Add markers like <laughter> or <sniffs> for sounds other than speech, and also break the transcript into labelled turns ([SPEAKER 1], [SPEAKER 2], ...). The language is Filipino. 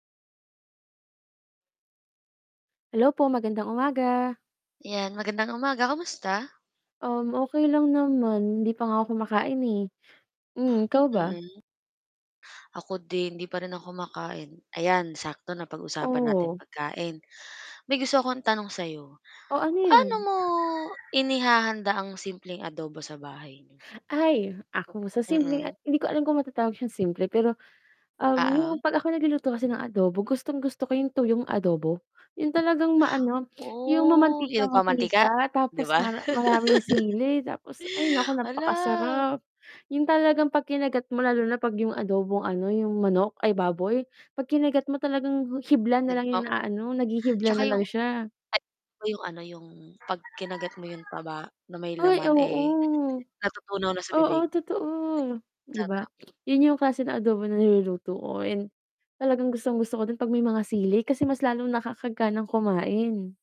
[SPEAKER 1] Hello po, magandang umaga.
[SPEAKER 2] 'Yan magandang umaga, kumusta?
[SPEAKER 1] Um, okay lang naman. Hindi pa nga ako kumakain, eh, hmm, ikaw ba?
[SPEAKER 2] Mm. Ako din, hindi pa rin ako kumakain. Ayan, sakto napag-usapan natin
[SPEAKER 1] Oo.
[SPEAKER 2] pagkain may gusto akong tanong sa 'yo,
[SPEAKER 1] O ano yun?
[SPEAKER 2] paano mo inihahanda ang simpleng adobo sa bahay n'yo?
[SPEAKER 1] Ay, ako sa simpleng
[SPEAKER 2] Mm.
[SPEAKER 1] hindi ko alam kung matatawag syang simple pero, um,
[SPEAKER 2] Oo.
[SPEAKER 1] yung pag ako nagluluto kasi ng adobo, gustong-gusto ko yung tuyong adobo, yung talagang maano <sniffs> yung
[SPEAKER 2] Oh, yung nagmamantika,
[SPEAKER 1] mamantika-mantika.
[SPEAKER 2] 'di
[SPEAKER 1] Tapos
[SPEAKER 2] ba.
[SPEAKER 1] mara maraming sili tapos ay nako,
[SPEAKER 2] <laughs> Hala.
[SPEAKER 1] napakasarap yung talagang pagkinagat mo lalo na pag yung adobong, ano, yung manok, ay, baboy pag kinagat mo talagang hibla
[SPEAKER 2] 'Yun
[SPEAKER 1] nalang
[SPEAKER 2] ba.
[SPEAKER 1] yung inaano naghihibla
[SPEAKER 2] 'Tsaka
[SPEAKER 1] nalang
[SPEAKER 2] 'yung,
[SPEAKER 1] siya.
[SPEAKER 2] ay, yung, ano, yung pag kinagat mo yung taba na may
[SPEAKER 1] Ay,
[SPEAKER 2] laman, eh,
[SPEAKER 1] oo.
[SPEAKER 2] natutunaw na sa
[SPEAKER 1] Oo,
[SPEAKER 2] bibig.
[SPEAKER 1] totoo, 'di ba,
[SPEAKER 2] Sarap.
[SPEAKER 1] <sniffs> yun yung klase ng adobo na niluluto ko and talagang gustong-gusto ko din pag may mga sili kasi mas lalong nakakaganang kumain.